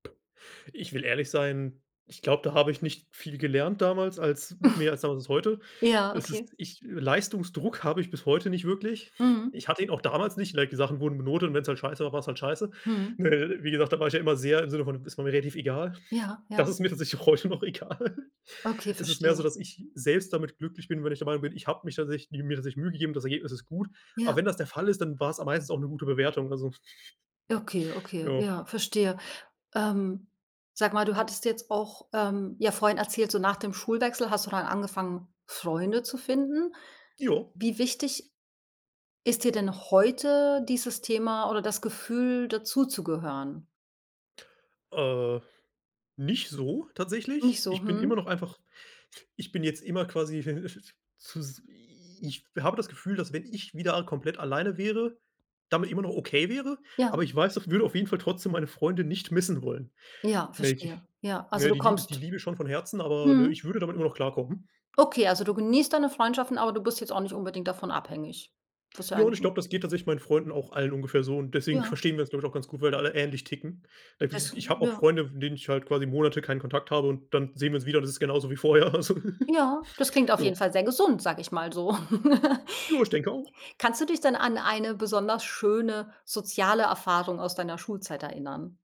Ich will ehrlich sein, ich glaube, da habe ich nicht viel gelernt damals, als mehr als [unintelligible] heute. Ja, Es ist okay. ich Leistungsdruck habe ich bis heute nicht wirklich. Mhm. Ich hatte ihn auch damals nicht, like, die Sachen wurden benotet und wenn's halt scheiße war, war's halt scheiße. Mhm. Ne? Wie gesagt, da war ich ja immer sehr im Sinne von: „Ist mir relativ egal.“ Ja, Das ja. ist mir tatsächlich heute noch egal. Okay, Es ist mehr so, verstehe. dass ich selbst damit glücklich bin, wenn ich der Meinung bin, ich habe mich tatsächlich mir tatsächlich Mühe gegeben, das Ergebnis ist gut. Aber Ja. wenn das der Fall ist, dann war's am meistens auch 'ne gute Bewertung, also, Okay, okay, ja. ja, verstehe. Ähm, sag mal, du hattest jetzt auch, ähm, ja vorhin erzählt, so nach dem Schulwechsel hast du dann angefangen, Freunde zu finden. Jo. Wie wichtig ist dir denn heute dieses Thema oder das Gefühl, dazuzugehören? Äh. Nicht so, tatsächlich. Nicht so, Ich bin immer hm? noch einfach ich bin jetzt immer quasi, zus i Ich habe das Gefühl, dass wenn ich wieder komplett alleine wäre, damit immer noch okay wäre, Ja. aber ich weiß, daf würde auf jeden Fall trotzdem meine Freunde nicht missen wollen. Ja. [unintelligible] Verstehe. Ja. Ne, Also, ne du die liebe die kommst. liebe schon von Herzen, aber, ne, Mhm. ich würde damit immer noch klarkommen. Okay, also du genießt deine Freundschaften, aber du bist jetzt auch nicht unbedingt davon abhängig. Das ist ja Ja, und eigentlich ich 'n glaube, das geht tatsächlich meinen Freunden auch allen ungefähr so und deswegen Ja. verstehen wir uns, glaube ich, auch ganz gut, weil da alle ähnlich ticken. Das Irgendwie ich habe auch Ja. Freunde, von denen ich halt quasi Monate keinen Kontakt habe und dann sehen wir uns wieder, das ist genauso wie vorher also Ja, das klingt auf Ja. jeden Fall sehr gesund, sage ich mal so. Jo, ich denke auch. Kannst du dich denn an eine besonders schöne soziale Erfahrung aus deiner Schulzeit erinnern?